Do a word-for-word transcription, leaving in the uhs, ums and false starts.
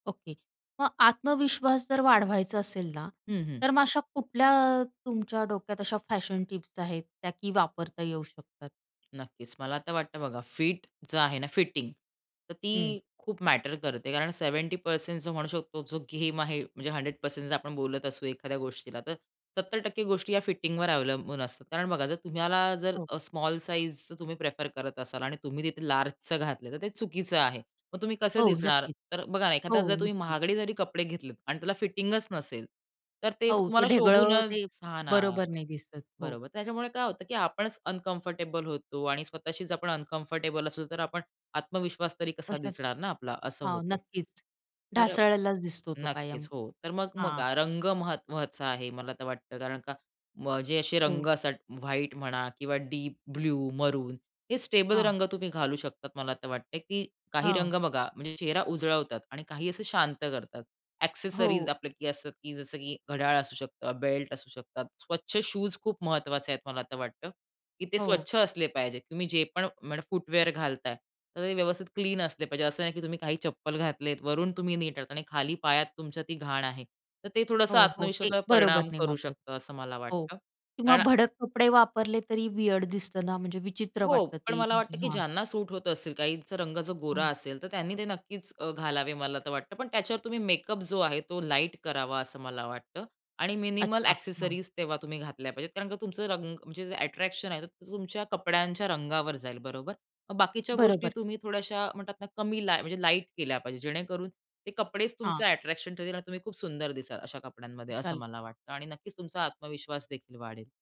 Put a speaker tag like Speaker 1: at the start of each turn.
Speaker 1: Okay. मग आत्मविश्वास जर वाढवायचा असेल ना
Speaker 2: हं, हं.
Speaker 1: तर मग अशा कुठल्या तुमच्या डोक्यात अशा फॅशन टिप्स आहेत त्या की वापरता येऊ शकतात?
Speaker 2: नक्कीच. मला तर वाटतं बघा फिट जे आहे ना फिटिंग. तर
Speaker 1: हं.
Speaker 2: ती खूप मॅटर करते. कारण सेव्हेंटी पर्सेंट जो म्हणू शकतो की जो गेम आहे म्हणजे हंड्रेड पर्सेंट जर आपण बोलत असू एखाद्या गोष्टीला. तर सत्तर टक्के गोष्टी या फिटिंगवर अवलंबून असतात. कारण बघा जर तुम्हाला जर
Speaker 1: हो.
Speaker 2: अ, स्मॉल साइझ जर तुम्ही प्रिफर करत असाल आणि तुम्ही तिथे लार्जचं घातलं, तर ते चुकीचं आहे. मग तुम्ही कसे
Speaker 1: हो,
Speaker 2: दिसणार?
Speaker 1: नक्कीच.
Speaker 2: तर बघा ना एखादा
Speaker 1: हो,
Speaker 2: जर तुम्ही
Speaker 1: नक्कीच.
Speaker 2: महागडे जरी कपडे घेतलेत आणि त्याला फिटिंगच नसेल तर ते
Speaker 1: हो, ते
Speaker 2: तुम्हाला
Speaker 1: ढगळं
Speaker 2: शोभूनच
Speaker 1: ते
Speaker 2: हां ना.
Speaker 1: बरोबर नाही दिसत. हो.
Speaker 2: बरोबर. त्याच्यामुळे काय होतं की आपणच अनकम्फर्टेबल होतो आणि स्वतःशीच आपण अनकम्फर्टेबल असलो तर आपण आत्मविश्वास तरी कसा
Speaker 1: कशाचं?
Speaker 2: दिसणार ना आपला? असं
Speaker 1: हां,
Speaker 2: होतं.
Speaker 1: नक्कीच.
Speaker 2: तर
Speaker 1: ढासळलेलाच दिसतो तो कायम.
Speaker 2: नक्कीच, हो. तर मग
Speaker 1: हां.
Speaker 2: बघा रंग महत महत्वाचा आहे. मला तर वाटतं कारण का मग जे असे
Speaker 1: हो.
Speaker 2: रंग असतात ,व्हाईट म्हणा किंवा डीप ब्लू, मरून हे स्टेबल
Speaker 1: हां.
Speaker 2: रंग तुम्ही घालू शकतात. मला तर वाटतंय, की काही रंग
Speaker 1: हां.
Speaker 2: बघा म्हणजे चेहरा उजळवतात आणि काही असे शांत करतात. ॲक्सेसरीज
Speaker 1: हो.
Speaker 2: आपल्याकडे असतात की जसं, की घड्याळ असू शकतं, बेल्ट असू शकतात, स्वच्छ शूज खूप महत्वाचे आहेत मला तर वाटतं, की ते
Speaker 1: हो.
Speaker 2: स्वच्छ असले पाहिजे. तुम्ही जे पण म्हणजे फूटवेअर घालताय तर ते व्यवस्थित क्लीन असले पाहिजे. असं नाही की तुम्ही काही चप्पल घातलेत. वरून तुम्ही नीट आहात आणि खाली पायात तुमच्या ती घाण आहे. तर ते थोडंसं
Speaker 1: हो, हो. ते
Speaker 2: आत्मविश्वासावर
Speaker 1: बरोबर
Speaker 2: परिणाम
Speaker 1: नाही
Speaker 2: करू
Speaker 1: वाटत.
Speaker 2: शकतं, असं मला
Speaker 1: हो,
Speaker 2: वाटतं.
Speaker 1: किंवा
Speaker 2: कारण
Speaker 1: भडक कपडे वापरले तरी व्हीअर्ड दिसतं ना म्हणजे विचित्र
Speaker 2: हो.
Speaker 1: वाटतं
Speaker 2: पण
Speaker 1: ते
Speaker 2: मला
Speaker 1: म्हणजे
Speaker 2: वाटतं की
Speaker 1: हां.
Speaker 2: ज्यांना सूट होत असेल काहींचा रंग जर गोरा
Speaker 1: हां.
Speaker 2: असेल तर त्यांनी ते नक्कीच अ, घालावे मला तर वाटतं. पण त्याच्यावर तुम्ही मेकअप जो आहे तो लाईट करावा असं मला वाटतं आणि मिनिमल
Speaker 1: अच्छा, हां.
Speaker 2: ॲक्सेसरीज तेव्हा तुम्ही घातल्या पाहिजेत. कारण का तुमचं रंग तुमचं जे ॲट्रॅक्शन आहे ते तुमच्या कपड्यांच्या रंगावर जाईल बरोबर? मग बाकीच्या गोष्टी
Speaker 1: बरोबर.
Speaker 2: तुम्ही थोड्याशा म्हणतात ना कमी लाई म्हणजे लाईट केल्या पाहिजेत. जेणेकरून ते कपडेच तुमचं
Speaker 1: हां.
Speaker 2: ॲट्रॅक्शन ठरतील आणि तुम्ही खूप सुंदर दिसाल अशा कपड्यांमध्ये. असं
Speaker 1: [unintelligible]
Speaker 2: मला वाटतं आणि नक्कीच तुमचा आत्मविश्वास देखील वाढेल.